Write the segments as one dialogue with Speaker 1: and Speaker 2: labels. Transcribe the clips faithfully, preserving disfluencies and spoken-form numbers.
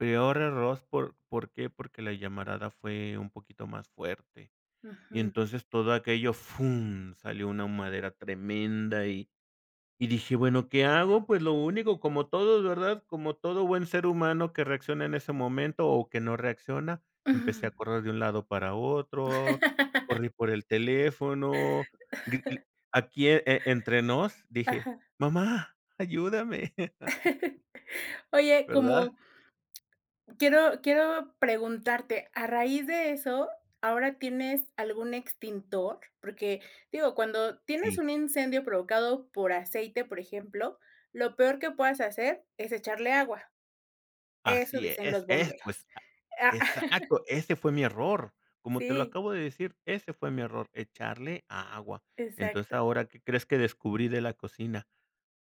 Speaker 1: Peor error por ¿por qué? Porque la llamarada fue un poquito más fuerte, y
Speaker 2: Ujú.
Speaker 1: entonces todo aquello fum, salió una humadera tremenda y y dije: "Bueno, ¿qué hago?" Pues lo único, como todos, ¿verdad? Como todo buen ser humano que reacciona en ese momento, o que no reacciona, empecé a correr de un lado para otro, corrí por el teléfono, g l aquí e entre nos, dije:
Speaker 2: Ajá.
Speaker 1: "Mamá ayúdame."
Speaker 2: Oye,
Speaker 1: ¿Verdad?
Speaker 2: como, quiero quiero preguntarte, a raíz de eso, ¿ahora tienes algún extintor? Porque, digo, cuando tienes
Speaker 1: Sí.
Speaker 2: un incendio provocado por aceite, por ejemplo, lo peor que puedas hacer es echarle agua. Eso
Speaker 1: Así
Speaker 2: dicen
Speaker 1: es
Speaker 2: los
Speaker 1: es pues,
Speaker 2: bomberos,
Speaker 1: a
Speaker 2: ah
Speaker 1: exacto, ese fue mi error, como te lo
Speaker 2: Sí.
Speaker 1: acabo de decir, ese fue mi error, echarle agua. Entonces,
Speaker 2: Exacto.
Speaker 1: ahora, ¿qué crees que descubrí de la cocina?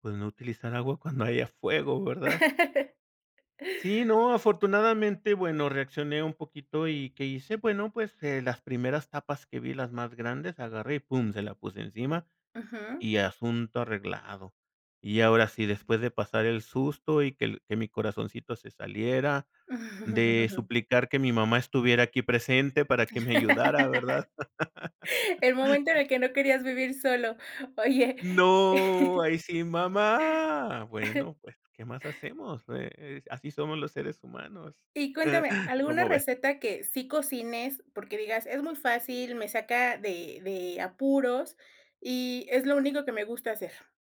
Speaker 1: Pues no utilizar agua cuando haya fuego, ¿verdad? ¿Sí, no?, afortunadamente, bueno, reaccioné un poquito y, ¿qué hice? Bueno, eh, pues, las primeras tapas que vi, las más grandes, agarré y pum, se la puse encima,
Speaker 2: Ujú.
Speaker 1: y asunto arreglado. Y ahora sí, después de pasar el susto, y que el que mi corazoncito se saliera, de suplicar que mi mamá estuviera aquí presente para que me ayudara, ¿verdad?
Speaker 2: El momento en el que no querías vivir solo, oye
Speaker 1: No, ahí sí, mamá. Bueno, pues, ¿qué más hacemos? E eh, así somos los seres humanos,
Speaker 2: Y cuéntame, ¿alguna
Speaker 1: ¿cómo ves?
Speaker 2: receta que sí cocines, porque digas, es muy fácil, me saca de de apuros, y es lo único que me gusta hacer?